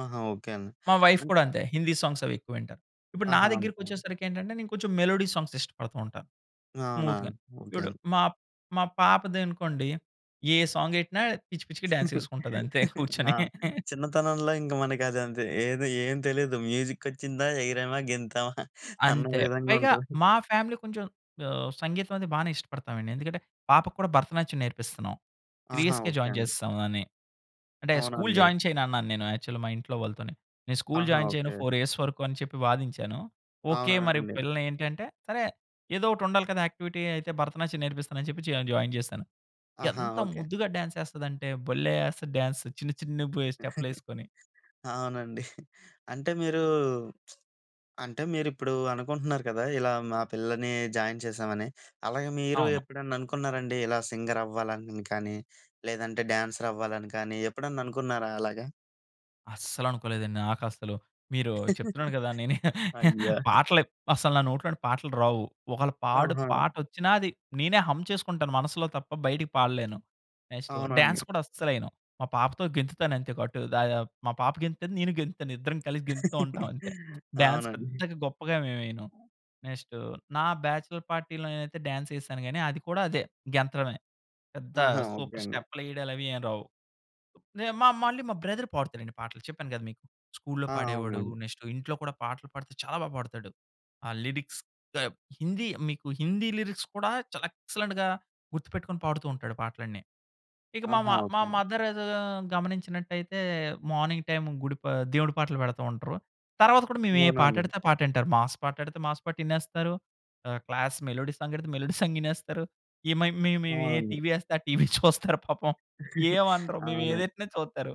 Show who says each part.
Speaker 1: ఆహా! ఓకే. అండి.
Speaker 2: మా వైఫ్
Speaker 1: అన్
Speaker 2: కూడా అంతే హిందీ సాంగ్స్ అవి ఎక్కువింటారు. ఇప్పుడు నా
Speaker 1: ఆహా! ఓకే.
Speaker 2: దగ్గరికచ్చేసరికి ఏంటంటే, నేను కొంచెం మెలోడీ సాంగ్స్ ఇష్టపడుతుంటాను.
Speaker 1: అవునా?
Speaker 2: స్మూత్‌గా.
Speaker 1: ఓకే
Speaker 2: చూడు
Speaker 1: అండి.
Speaker 2: మా మా పాపది అనుకోండి. ఏ సాంగ్ గెట్టినా పిచ్చి పిచ్చిగా డాన్స్ చేసుకుంటది అంతే
Speaker 1: ఆ!
Speaker 2: కూర్చొని.
Speaker 1: చిన్నతనంలో ఇంకా మనకి అదంతే ఏది ఏం తెలీదు. మ్యూజికొచ్చిందా? ఎగిరేమా, గెంతమా అన్న
Speaker 2: అంతే
Speaker 1: విధంగా
Speaker 2: పైగా
Speaker 1: ఉంటది.
Speaker 2: మా ఫ్యామిలీ కొంచెం ఆహ్, సంగీతం అనేది బాగానే ఇష్టపడతామండి. ఎందుకంటే, పాపకి కూడా భరతనాట్యం నేర్పిస్తున్నాం. 3
Speaker 1: ఆహా!
Speaker 2: ఇయర్స్‌కే
Speaker 1: ఓకే.
Speaker 2: జాయిన్
Speaker 1: అండి.
Speaker 2: చేసేస్తాం అని. అంటే స్కూలు
Speaker 1: అవునండి.
Speaker 2: జాయిన్ చేయనన్నాను నేను యాక్చువల్ మా ఇంట్లో వాళ్ళతోని. నేను స్కూలు
Speaker 1: ఆహా!
Speaker 2: జాయిన్ చేయను
Speaker 1: ఓకే.
Speaker 2: 4 యఇయర్స్ వరకు అని చెప్పి వాదించాను. ఓకే. మరి
Speaker 1: అవునండి.
Speaker 2: పిల్లల్ని ఏంటంటే, సరే ఏదో ఒకటి ఉండాలి కదా యాక్టివిటీ అయితే భరతనాట్యం నేర్పిస్తాను అని చెప్పి చె జాయిన్ చేశాను.
Speaker 1: ఆహా!
Speaker 2: ఎంత
Speaker 1: ఓకే.
Speaker 2: ముద్దుగా డాన్స్ చేస్తాదంటే భలే! ఎస్తది డాన్స్ చిన్న, చిన్న బు స్టెప్‌లేసుకొని.
Speaker 1: అవునండి. అంటే మీరు అంటే మీరుప్పుడు అనుకుంటున్నారు కదా! ఇలా మా పిల్లల్ని జాయిన్ చేసామని అలాగే మీరు
Speaker 2: అవును.
Speaker 1: ఎప్పుడన్నా అనుకున్నారండి? ఇలా సింగర్ అవ్వాలని కానీ, లేదంటే డ్యాన్సర్ అవ్వాలని కానీ ఎప్పుడన్నా అనుకున్నారా అలాగా?
Speaker 2: అస్సలు అనుకోలేదండి నాకసలు. మీరు చెప్తున్నాను కదా! నేను
Speaker 1: అయ్యో!
Speaker 2: పాటలు అసలు నా నోట్లోని పాటలు రావు. ఒకవేళ పాడు
Speaker 1: ఆహా!
Speaker 2: పాటచ్చినా అది నేనే హంమ్ చేసుకుంటాను మనసులో తప్ప బయటకి పాడలేను. నెక్స్టు డాన్స్
Speaker 1: అవునండి.
Speaker 2: కూడా అస్సలెయ్యను. మా పాపతో గెంతుతాను అంతే. అటు దయ మా పాప గెంతుతది. నేను గెంతుతాను. ఇద్దరం కలిసి గెంతుతాఉంటాం అంతే. డాన్స్
Speaker 1: అవునండి.
Speaker 2: పెద్దగా గొప్పగా మేము వెయ్యను. నెక్స్ట్ నా బ్యాచలర్ పార్టీ‌లో నేనైతే డాన్స్ చేసాను గానీ, అది కూడా అదే గెంతడమే పెద్ద
Speaker 1: ఆహా! ఓకే.
Speaker 2: సూపర్
Speaker 1: అండి.
Speaker 2: స్టెప్‌లు వెయ్యడాలు అవి ఏం రావు. మా మా మళ్ళీ మా బ్రదర్ పాడుతాడండి పాటలు చెప్పాను కదా! మీకు స్కూల్లో
Speaker 1: ఆ!
Speaker 2: పాడేవాడు.
Speaker 1: అవునండి
Speaker 2: నెక్స్ట్ ఇంట్లో కూడా పాటలు పాడితే చాలా బాగా పాడతాడు. ఆ లిరిక్స్ టబ్ హిందీ మీకు హిందీ లిరిక్స్ కూడా చాలా ఎక్సలెంట్‌గా గుర్తుపెట్టుకొని పాడుతూ ఉంటాడు పాటలన్నీ. ఇక మా మ
Speaker 1: ఆహా!
Speaker 2: మా
Speaker 1: ఓకే.
Speaker 2: మదర్ ఏదో గమనించినట్టైతే మార్నింగ్ టైమ్ గుడి పా దేవుడి పాటలు పెడతా ఉంటారు. తరువాత కూడా మేము ఏ పాట
Speaker 1: అవునండి.
Speaker 2: ఎడితే ఆ పాట వింటారు. మాస్ పాట ఎడితే మాస్ పాట వినేస్తారు. ఆహ్, క్లాస్ మెలోడీ సాంగ్ ఎడితే మెలోడీ సాంగ్ వినేస్తారు. ఈ మే మేము ఏ
Speaker 1: అవునండి.
Speaker 2: టీవీ ఎస్తే ఆ టీవీ చూస్తారు పాపం. ఏమనరు.
Speaker 1: అవునా!
Speaker 2: మేమేదేట్టినా చూస్తారు.